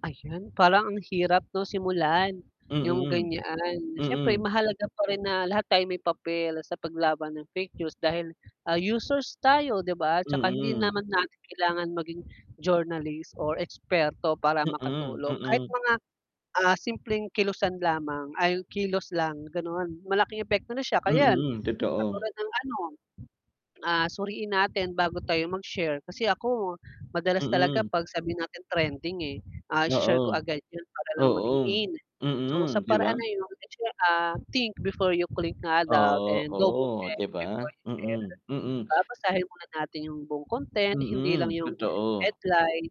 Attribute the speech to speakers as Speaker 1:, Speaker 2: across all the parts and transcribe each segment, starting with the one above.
Speaker 1: Ayun, parang ang hirap 'no simulan yung
Speaker 2: Mm.
Speaker 1: ganyaan. Syempre
Speaker 2: Mm.
Speaker 1: mahalaga pa rin na lahat tayo may papel sa paglaban ng fake news dahil, ah, users tayo 'di ba? 'Tsaka hindi
Speaker 2: Mm.
Speaker 1: naman natin kailangan maging journalist or eksperto para
Speaker 2: Mm.
Speaker 1: makatulong, kahit
Speaker 2: Mm.
Speaker 1: mga, ah, simpleng kilusan lamang ay kilos lang ganon, malaking epekto nun. 'Tsaka 'yan
Speaker 2: Mm, totoo.
Speaker 1: ekatulad ng ano, ah, suriin natin bago tayo mag-share, kasi ako madalas talaga
Speaker 2: Mm.
Speaker 1: 'pag sabihin natin trending eh, ah, i-share ko
Speaker 2: Oo.
Speaker 1: agad yun para lang maging
Speaker 2: Oo.
Speaker 1: in, so, sa
Speaker 2: Mm, 'di
Speaker 1: paraan
Speaker 2: ba?
Speaker 1: na yun, ah, think before you click nga daw
Speaker 2: Oo,
Speaker 1: and double
Speaker 2: oo
Speaker 1: check
Speaker 2: 'di
Speaker 1: before
Speaker 2: ba?
Speaker 1: you share.
Speaker 2: Mm, mm.
Speaker 1: Babasahin muna natin 'yong buong content, hindi lang
Speaker 2: Mm,
Speaker 1: yung
Speaker 2: totoo.
Speaker 1: headline,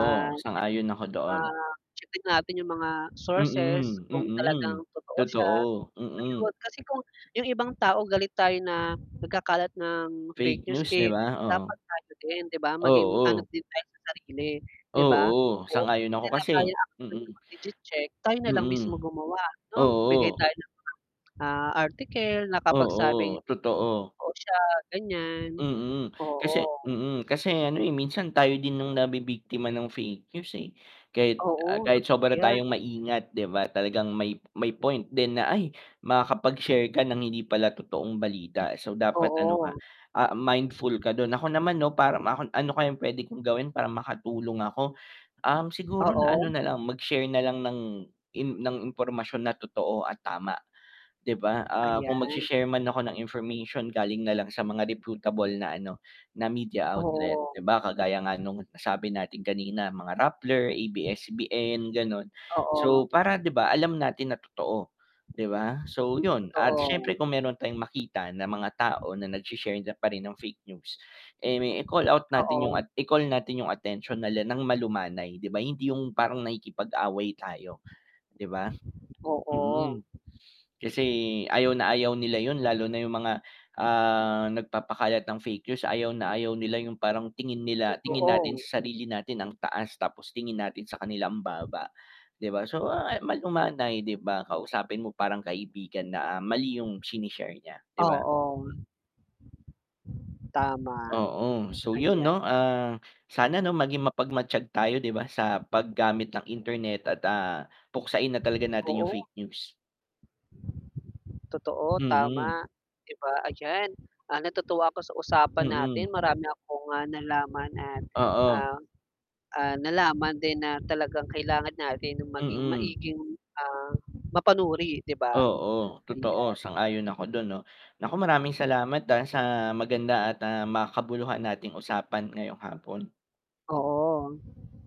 Speaker 1: ah.
Speaker 2: sang-ayon ako doon.
Speaker 1: Ah, checkin natin yung mga sources,
Speaker 2: Mm,
Speaker 1: kung talagang
Speaker 2: mm.
Speaker 1: totoo siya,
Speaker 2: Totoo, mm.
Speaker 1: ayun, kasi kung yung ibang tao galit tayo na nagkakalat ng fake
Speaker 2: Fake
Speaker 1: news,
Speaker 2: news 'di
Speaker 1: eh,
Speaker 2: ba? Oo.
Speaker 1: dapat tayo din 'di ba, maging ano
Speaker 2: Oo.
Speaker 1: din tayo sa sarili 'di ba?
Speaker 2: Oo,
Speaker 1: Oo
Speaker 2: sang-ayon ako kasi
Speaker 1: [unintelligible]
Speaker 2: mm.
Speaker 1: legit check, tayo nalang mismo
Speaker 2: Mm.
Speaker 1: gumawa 'no bigay
Speaker 2: Oo.
Speaker 1: tayo ng mga, ah, article nakapagsabing
Speaker 2: Oo, totoo.
Speaker 1: totoo siya ganyan.
Speaker 2: Mm. Kasi
Speaker 1: Oo.
Speaker 2: mm, kasi ano, eh, minsan tayo din nung nabibiktima ng fake news, eh, kahit, ah,
Speaker 1: Oo
Speaker 2: kahit
Speaker 1: totoo
Speaker 2: sobra
Speaker 1: 'yan.
Speaker 2: tayong maingat 'di ba, talagang may, may point din na, "Ay!" Makakapag-share ka ng hindi pala totoong balita. So dapat ano
Speaker 1: Oo.
Speaker 2: ka, ah, mindful ka dun. Ako naman 'no, para makon "Ano kayang pwede kong gawin para makatulong ako?" Um, siguro na ano
Speaker 1: Oo.
Speaker 2: nalang, mag-share nalang ng ng impormasyon na totoo at tama, 'di ba? Ah,
Speaker 1: Ayan.
Speaker 2: kung mag-shi-share man ako ng information galing nalang sa mga reputable na ano, na media outlet
Speaker 1: Oo.
Speaker 2: 'di ba. Kagaya nga nung nasabi natin kanina mga Rappler, ABS-CBN ganon.
Speaker 1: Oo.
Speaker 2: So, para 'di ba, alam natin na totoo, 'di ba? So yun, at
Speaker 1: Totoo.
Speaker 2: syempre kung meron tayong makita ng mga tao na nag-sh-share na pa rin ng fake news, eh, i-call out natin yung
Speaker 1: Oo.
Speaker 2: at i-call natin yung atensyon nila ng malumanay 'di ba, hindi yung parang nakikipag-away tayo, 'di ba?
Speaker 1: Oo.
Speaker 2: Mm, kasi ayaw na ayaw nila yun lalo na yung mga, ah, nagpapakalat ng fake news, ayaw na ayaw nila yung parang tingin nila tingin natin
Speaker 1: Totoo.
Speaker 2: sa sarili natin ang taas, tapos tingin natin sa kanila ang baba, 'di ba? So, ah, malumay 'di ba, kausapin mo parang kaibigan na mali yung shine-share niya 'di ba?
Speaker 1: Oo. Tama.
Speaker 2: Oo. So, yun
Speaker 1: Ayan.
Speaker 2: 'no, ah, sana 'no maging mapagmatyag tayo 'di ba, sa pag-gamit ng internet at, ah, puksain na talaga natin
Speaker 1: Oo.
Speaker 2: yung fake news.
Speaker 1: Totoo, tama,
Speaker 2: Mm.
Speaker 1: 'di ba? Ayan, ah, natutuwa ako sa usapan natin,
Speaker 2: Mm.
Speaker 1: marami akong, ah, nalaman at,
Speaker 2: Oo.
Speaker 1: ah ah, nalaman din na talagang kailangan natin yung maging
Speaker 2: Mm.
Speaker 1: maiging, ah, mapanuri 'di ba?
Speaker 2: Oo, totoo,
Speaker 1: Ayan.
Speaker 2: sang-ayon ako dun 'no. Nako, maraming salamat dahil sa maganda at, ah, makabuluhan nating usapan ngayong hapon.
Speaker 1: Oo.